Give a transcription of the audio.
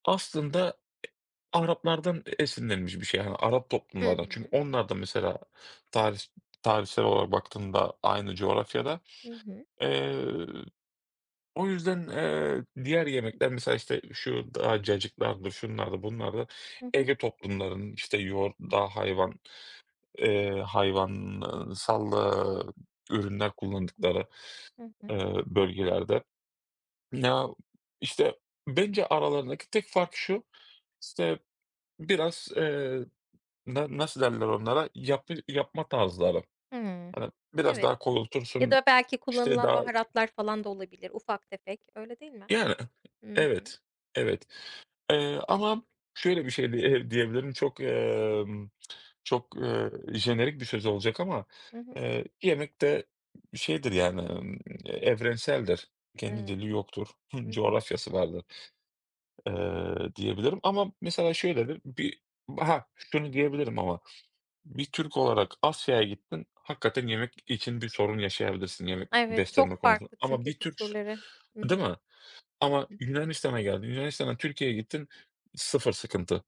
Aslında, Araplardan e esinlenmiş bir şey, yani, Arap I toplumlardan. Çünkü hı. onlar da mesela, tarih tarihsel olarak baktığında aynı coğrafyada. Hı hı. Eee, o yüzden, eee, diğer yemekler, mesela, işte, şu daha cacıklardır, şunlardı, bunlardı, Hı hı. Ege toplumlarının, işte, yoğurt, dağ, hayvan, eee, hayvansal, eee, ürünler kullandıkları, Hı hı. eee, bölgelerde. Ya, işte, bence aralarındaki tek fark şu, işte, biraz, eee, da nasıl derler onlara? Yapı yapma tarzları, Hımm, hani, biraz evet, daha ya koyultursun, da belki işte, kullanılan daha baharatlar falan da olabilir ufak tefek, öyle değil mi? Yani, Hı hı. evet, evet, eee, ama şöyle bir şey di eee, diyebilirim çok, emm, çok, eee, jenerik bir söz olacak ama, Hı hı. eee, yemek de şeydir, yani, ımm, evrenseldir. Kendi Evet, dili yoktur, hı hı. coğrafyası vardır, eee, diyebilirim ama mesela, şöyledir bir ha, şunu diyebilirim ama bir Türk olarak Asya'ya gittin, hakikaten yemek için bir sorun yaşayabilirsin yemek Evet, beslenme çok konusunda farklı ama çünkü bir Türksün, kültürleri, hı değil hı. mi? Ama Yunanistan'a geldin, Yunanistan'dan Türkiye'ye gittin, sıfır sıkıntı.